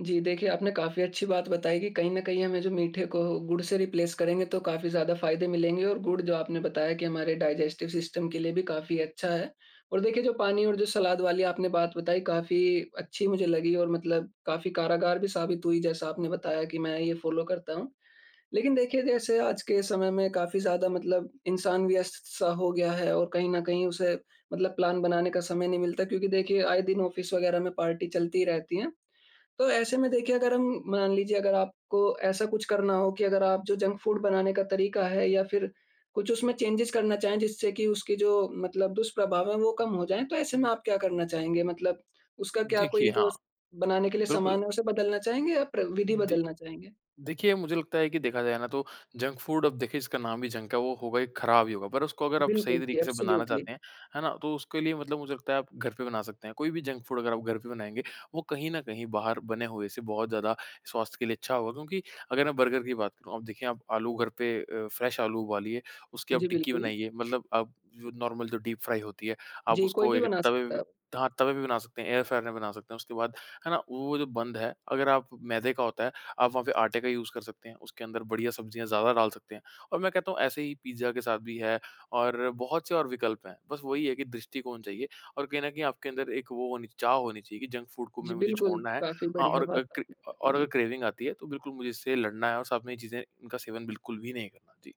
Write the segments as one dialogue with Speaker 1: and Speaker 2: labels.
Speaker 1: जी, देखिए, आपने काफ़ी अच्छी बात बताई कि कहीं न कहीं हमें जो मीठे को गुड़ से रिप्लेस करेंगे तो काफ़ी ज़्यादा फ़ायदे मिलेंगे, और गुड़ जो आपने बताया कि हमारे डाइजेस्टिव सिस्टम के लिए भी काफ़ी अच्छा है। और देखिए जो पानी और जो सलाद वाली आपने बात बताई, काफ़ी अच्छी मुझे लगी, और मतलब काफ़ी कारगर भी साबित हुई, जैसा आपने बताया कि, "मैं ये फ़ॉलो करता हूँ।" लेकिन देखिए, जैसे आज के समय में काफ़ी ज़्यादा मतलब इंसान व्यस्त-सा हो गया है, और कहीं न कहीं उसे मतलब प्लान बनाने का समय नहीं मिलता क्योंकि देखिए, आए दिन ऑफ़िस वग़ैरह में पार्टी चलती ही रहती है। तो ऐसे में देखिए अगर हम मान लीजिये अगर आपको ऐसा कुछ करना हो कि अगर आप जो जंक फूड बनाने का तरीका है, या फिर कुछ उसमें चेंजेज़ करना चाहें जिससे कि उसकी जो मतलब दुष्प्रभाव है वो कम हो जाए, तो ऐसे में आप क्या करना चाहेंगे? मतलब उसका क्या
Speaker 2: देखिए
Speaker 1: कोई जो
Speaker 2: हाँ।
Speaker 1: स बनाने के लिए
Speaker 2: बिल्कुल।
Speaker 1: सामान है, उसे बदलना चाहेंगे या प्र विधि
Speaker 2: दे
Speaker 1: बदलना चाहेंगे?
Speaker 2: देखिए, मुझे लगता है कि देखा जाए ना तो जंक फूड, अब देखिए इसका नाम ही जंक है, वो होगा ही ख़राब ही होगा। पर उसको अगर आप सही
Speaker 1: बिल्कुल, कि
Speaker 2: तरीके से बनाना
Speaker 1: एब्सोल्यूटली।
Speaker 2: चाहते हैं, है ना, तो उसके लिए मतलब मुझे लगता है आप घर पे बना सकते हैं। कोई भी जंक फूड अगर आप घर पे बनाएँगे, वो कहीं न कहीं बाहर बने हुए से बहुत ज़्यादा स्वास्थ्य के लिए अच्छा होगा। क्योंकि अगर मैं बर्गर की बात करूँ, अब देखिए, आप आलू घर पे अ, फ्रेश आलू उबालिए, उसकी आप
Speaker 1: जी
Speaker 2: टिक्की
Speaker 1: बिल्कुल।
Speaker 2: बनाइए, मतलब आप जो नॉर्मल जो डीप फ्राई होती है, आप
Speaker 1: जी, कोई
Speaker 2: उसको
Speaker 1: भी
Speaker 2: एक
Speaker 1: बना
Speaker 2: तवे
Speaker 1: सकता
Speaker 2: व
Speaker 1: है अब।
Speaker 2: हाँ, तवे पे बना सकते हैं, एयर फ्रायर में बना सकते हैं। उसके बाद, है ना, वो जो बंद है, अगर आप मैदे का होता है, आप वहाँ पे आटे का यूज़ कर सकते हैं, उसके अंदर बढ़िया सब्ज़ियाँ ज़्यादा डाल सकते हैं। और मैं कहता हूँ ऐसे ही पिज़्ज़ा के साथ भी है, और बहुत से और विकल्प हैं। बस वही है कि दृष्टिकोण चाहिए और कहीं न कहीं आपके अंदर एक वो होनी चाहिए चाह होनी चाहिए कि जंक फूड को
Speaker 1: जी
Speaker 2: म मुझे
Speaker 1: बिल्कुल,
Speaker 2: छोड़ना है।
Speaker 1: काफ़ी
Speaker 2: हाँ,
Speaker 1: बढ़िया
Speaker 2: और अ,
Speaker 1: बात
Speaker 2: क्रे
Speaker 1: आपने बताई।
Speaker 2: और अगर
Speaker 1: जी।
Speaker 2: क्रेविंग आती है, तो बिल्कुल मुझे इससे लड़ना है और साथ में ये चीज़ें इनका सेवन बिल्कुल भी नहीं करना। जी।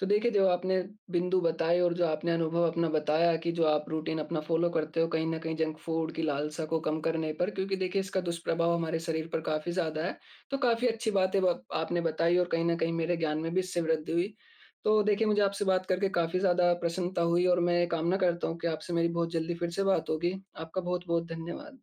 Speaker 1: तो देखिए, जो आपने बिंदु बताएँ और जो आपने अनुभव अपना बताया कि जो आप रूटीन अपना फ़ॉलो करते हो, कहीं न कहीं जंक फूड की लालसा को कम करने पर क्योंकि देखिए, इसका दुष्प्रभाव हमारे शरीर पर काफ़ी ज़्यादा है। तो काफ़ी अच्छी बातें ब आपने बताईं, और कहीं न कहीं मेरे ज्ञान में भी इससे वृद्धि हुई। तो देखिए, मुझे आपसे बात करके काफ़ी ज़्यादा प्रसन्नता हुई, और मैं ये कामना करता हूँ की आपसे मेरी बहुत जल्दी फिर से बात होगी। आपका बहुत-बहुत धन्यवाद।